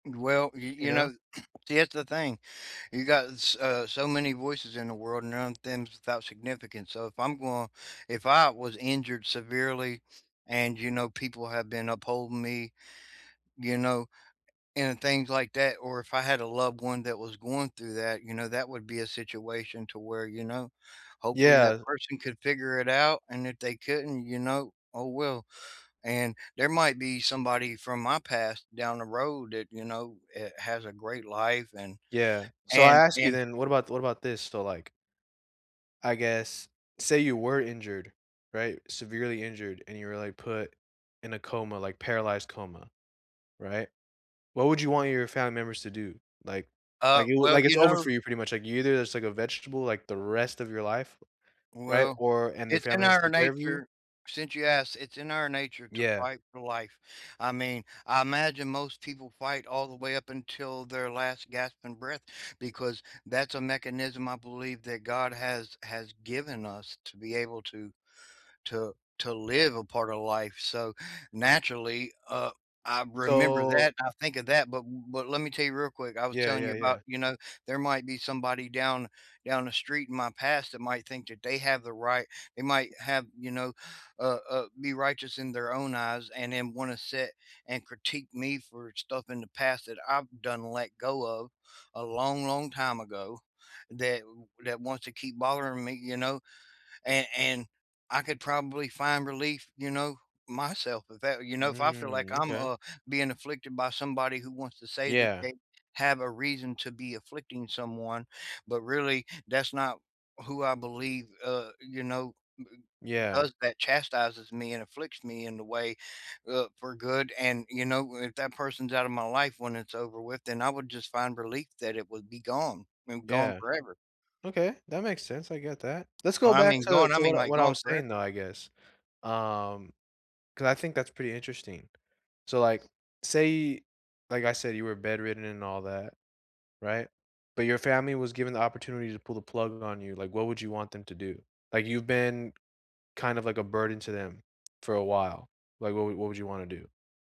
Well, y You you know? know, here's the thing. You got s uh, so many voices in the world around and none of them's without significance, so, if I'm going if I was injured severely and, you know, people have been upholding me, you know, and, things like that. Or if I had a loved one that was going through that, you know, that would be a situation to where, you know, hopefully that Yeah. person could figure it out, and if they couldn't, you know, oh well. And, there might be somebody from my past down the road that, you know, eh, has a great life, and Yeah, so, I and ask you and then, what about what about this? So, like I guess say you were injured, right, severely injured and you were, like, put in a coma, like, paralyzed coma. Right? What would you want your family members to do? Like Uh, like, it wa well, like, it's you over know for you pretty much, like, you either just take a vegetable, like, the rest of your life. Right? Well, Or and their it's in family has to our take care of you nature since you asked, it's in our nature to Yeah. fight for life. I mean, I imagine most people fight all the way up until their last, gasping breath because that's a mechanism I believe that God has has given us to be able to to to live a part of life, so, naturally, uh, I remember So that, I think of that, but w but, let me tell ya real quick, I was Yeah, telling you yeah, about, yeah. you know, there might be somebody down down the street in my past that might think that they have the right they might have, you know uh uh, be righteous in their own eyes and then wanna sit and critique me for stuff in the past that I've done and let go of, a long, long time ago, that w that wants to keep bothering me, you know? And and, I could probably find relief, you know, myself if that, you know? If I feel like Mm, I'm, okay. uh, being afflicted by somebody who wants to say that Yeah. they have a reason to be afflicting someone, but really that's not who I believe, uh you know, b i Yeah. does that chastises me and afflicts me in the way, uh, for good, and, you know, if that person's out of my life when it's over with, then I would just find relief that it would be gone, and gone Yeah. forever. Okay, that makes sense, I get that. Let's And go I back mean, to gone I to mean, what like, what I gone was saying, though, forever. I guess. Um, 'cause I think that's pretty interesting. So, like, say like, I said, you were bedridden and all that. Right? But, your family was given the opportunity to pull the plug on you, like, what would you want them to do? Like, you've been, kind of, like, a burden to them, for a while. Like, what what would you wanna do?